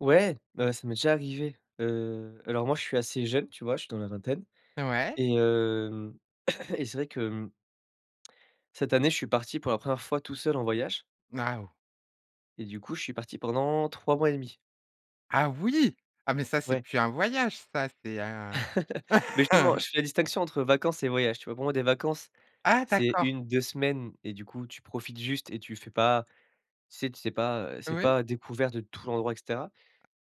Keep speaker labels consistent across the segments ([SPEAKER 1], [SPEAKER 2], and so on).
[SPEAKER 1] Ouais, bah ça m'est déjà arrivé! Heu, alors moi je suis assez jeune, tu vois? Je suis dans la vingtaine
[SPEAKER 2] Ouais.
[SPEAKER 1] et hem, et c'est vrai que, hem cette année, je suis parti pour la 1ère fois tout seul en voyage
[SPEAKER 2] Waouh!
[SPEAKER 1] et du coup, je suis parti pendant 3 mois et demi.
[SPEAKER 2] Ah oui! Ah mais ça c'est
[SPEAKER 1] Ouais.
[SPEAKER 2] plus un voyage ça, c'est un
[SPEAKER 1] Mais justement, je fais la distinction entre vacances et voyages. Tu vois? Pour moi des vacances,
[SPEAKER 2] Ah
[SPEAKER 1] c'est
[SPEAKER 2] d'accord!
[SPEAKER 1] 1-2 semaines et du coup tu profites juste et tu fais pas tu sais tu fais pas, heu, c'est
[SPEAKER 2] Ouais.
[SPEAKER 1] pas découverte de tout l'endroit et cetera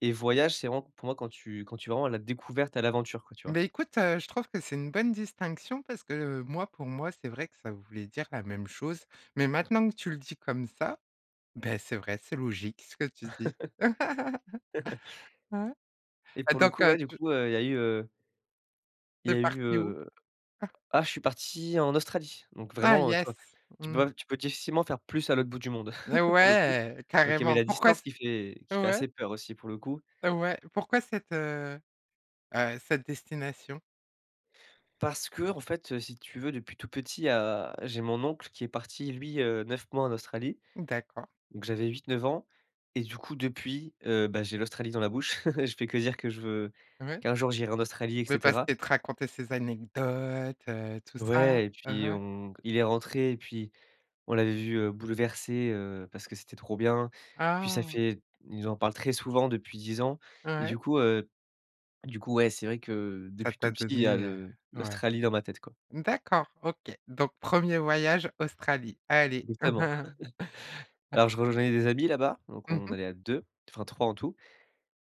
[SPEAKER 1] et voyage, c'est vraiment pour moi quand tu quand tu es vraiment à la découverte, à l'aventure quoi, tu vois?
[SPEAKER 2] Mais écoute, heu, je trouve que c'est une bonne distinction parce que, heu, moi pour moi c'est vrai que ça voulait dire la même chose. Mais maintenant que tu le dis comme ça, beh, c'est vrai, c'est logique ce que tu dis. Ouais.
[SPEAKER 1] Et
[SPEAKER 2] Ah
[SPEAKER 1] pour le
[SPEAKER 2] donc,
[SPEAKER 1] coup,
[SPEAKER 2] heu,
[SPEAKER 1] ouais du
[SPEAKER 2] tu
[SPEAKER 1] coup, heu, il y a eu heu il
[SPEAKER 2] tu
[SPEAKER 1] y a
[SPEAKER 2] es
[SPEAKER 1] eu
[SPEAKER 2] parti où?
[SPEAKER 1] heu
[SPEAKER 2] Ah.
[SPEAKER 1] ah je suis parti en Australie. Donc
[SPEAKER 2] Ah
[SPEAKER 1] vraiment, heu, tu vois?
[SPEAKER 2] yes!
[SPEAKER 1] Tu peux
[SPEAKER 2] Mmh.
[SPEAKER 1] pas tu peux difficilement faire plus à l'autre bout du monde.
[SPEAKER 2] Eh
[SPEAKER 1] Pour le coup.
[SPEAKER 2] ouais
[SPEAKER 1] Donc il y avait
[SPEAKER 2] carrément!
[SPEAKER 1] la
[SPEAKER 2] Pourquoi
[SPEAKER 1] distance
[SPEAKER 2] c
[SPEAKER 1] qui fait qui fait
[SPEAKER 2] ouais.
[SPEAKER 1] assez peur aussi pour le coup.
[SPEAKER 2] Ouais. Pourquoi cette heu, heu, cette destination?
[SPEAKER 1] Parce qu'en fait, si tu veux, depuis tout petit, à j'ai mon oncle qui est parti lui, heu, 9 mois en Australie.
[SPEAKER 2] D'accord.
[SPEAKER 1] Donc j'avais 8-9 ans et du coup depuis, heu, bah, j'ai l'Australie dans la bouche. Je fais que dire que je veux
[SPEAKER 2] Ouais.
[SPEAKER 1] qu'un jour j'irai en Australie et
[SPEAKER 2] Mais parce
[SPEAKER 1] cetera.
[SPEAKER 2] qu'il te racontait ses anecdotes, heu, tout ça,
[SPEAKER 1] Ouais et
[SPEAKER 2] Mmh
[SPEAKER 1] puis
[SPEAKER 2] mh.
[SPEAKER 1] on il est rentré et puis on l'avait vu, heu, bouleversé, heu, parce que c'était trop bien. Puis ça
[SPEAKER 2] Ah!
[SPEAKER 1] fait ils en parlent très souvent depuis 10 ans et
[SPEAKER 2] Ouais.
[SPEAKER 1] du coup, heu, du coup, ouais c'est vrai que
[SPEAKER 2] Ça
[SPEAKER 1] depuis tout
[SPEAKER 2] t'a
[SPEAKER 1] petit, il y a
[SPEAKER 2] donné
[SPEAKER 1] le
[SPEAKER 2] heu, ouais.
[SPEAKER 1] l'Australie dans ma tête quoi.
[SPEAKER 2] D'accord OK. Donc 1er voyage Australie, allez.
[SPEAKER 1] Évidemment. Alors je rejoignais des amis là-bas, donc
[SPEAKER 2] Mmh
[SPEAKER 1] on
[SPEAKER 2] mh.
[SPEAKER 1] allait à 2, enfin 3 en tout.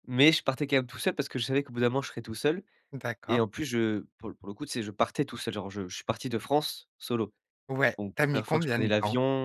[SPEAKER 1] Mais je partais quand même tout seul parce que je savais qu'au bout d'un moment, je serais tout seul et
[SPEAKER 2] D'accord.
[SPEAKER 1] en plus, je pour le pour le coup, tu sais, je partais tout seul. Genre je je suis parti de France solo.
[SPEAKER 2] Ouais,
[SPEAKER 1] Donc
[SPEAKER 2] tu as mis
[SPEAKER 1] 1ère fois que je
[SPEAKER 2] combien
[SPEAKER 1] prenais
[SPEAKER 2] de temps?
[SPEAKER 1] l'avion.